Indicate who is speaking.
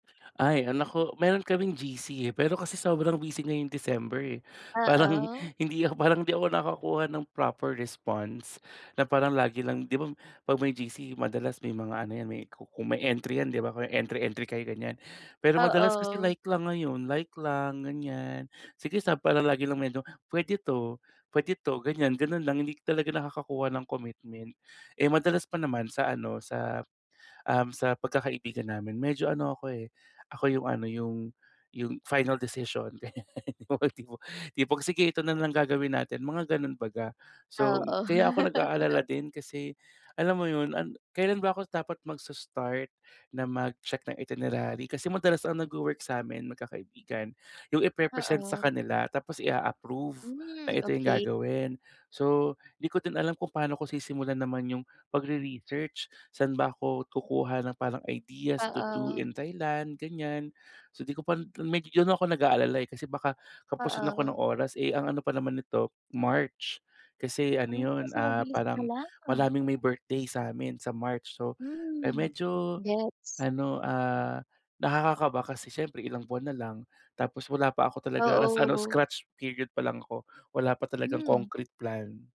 Speaker 1: Ay ah, naku meron kaming GC eh, pero kasi sobrang busy ngayong December eh. Parang
Speaker 2: Oo.
Speaker 1: hindi parang hindi ako nakakakuha ng proper response na parang lagi lang 'di 'ba 'pag may GC madalas may mga ano yan kung may entry yan 'di 'ba? Entry-entry kayo ganyan pero, madalas kasi
Speaker 2: Oo.
Speaker 1: like lang ngayon like lang ganyan sige sa parang lagi lang medyo pwede to, pwede to ganyan ganon lang hindi talaga nakakakuha ng commitment. Eh, madalas pa naman sa ano, sa um, sa pagkakaibigan namin medyo ano ako eh ako yung ano yung yung final decision. Yung pag sige ito na lang gagawin natin mga ganon baga. So
Speaker 2: Oo.
Speaker 1: kaya ako nag-aalala din kasi alam mo yun, ang kailan ba ako dapat magse-start na mag-check ng itinerary kasi madalas ang nagwo-work sa amin magkakaibigan yung ipe-present sa
Speaker 2: Oo.
Speaker 1: kanila tapos i-a-approve na
Speaker 2: Hmm,
Speaker 1: ito yung
Speaker 2: okey.
Speaker 1: gagawin. So di ko din alam kung paano ko sisimulan naman yung pagre-research saan ba ako kukuha ng parang ideas to do
Speaker 2: Oo.
Speaker 1: in Thailand ganyan so, di ko pa medy don ako nag-aalala eh, kasi baka kapusin ako ng
Speaker 2: Oo.
Speaker 1: oras eh ang ano pa naman nito March kasi ano
Speaker 2: Ah,
Speaker 1: 'yon,
Speaker 2: so
Speaker 1: ah,
Speaker 2: mabilis na
Speaker 1: parang,
Speaker 2: lang.
Speaker 1: maraming may birthday sa amin sa March so
Speaker 2: Hmm,
Speaker 1: medyo,
Speaker 2: gets.
Speaker 1: ano, ah, nakakakaba kasi siyempre ilang buwan na lang tapos wala pa ako talaga nasa ano,
Speaker 2: Oo.
Speaker 1: scratch period pa lang ako, wala pa talagang
Speaker 2: Hmm.
Speaker 1: concrete plan.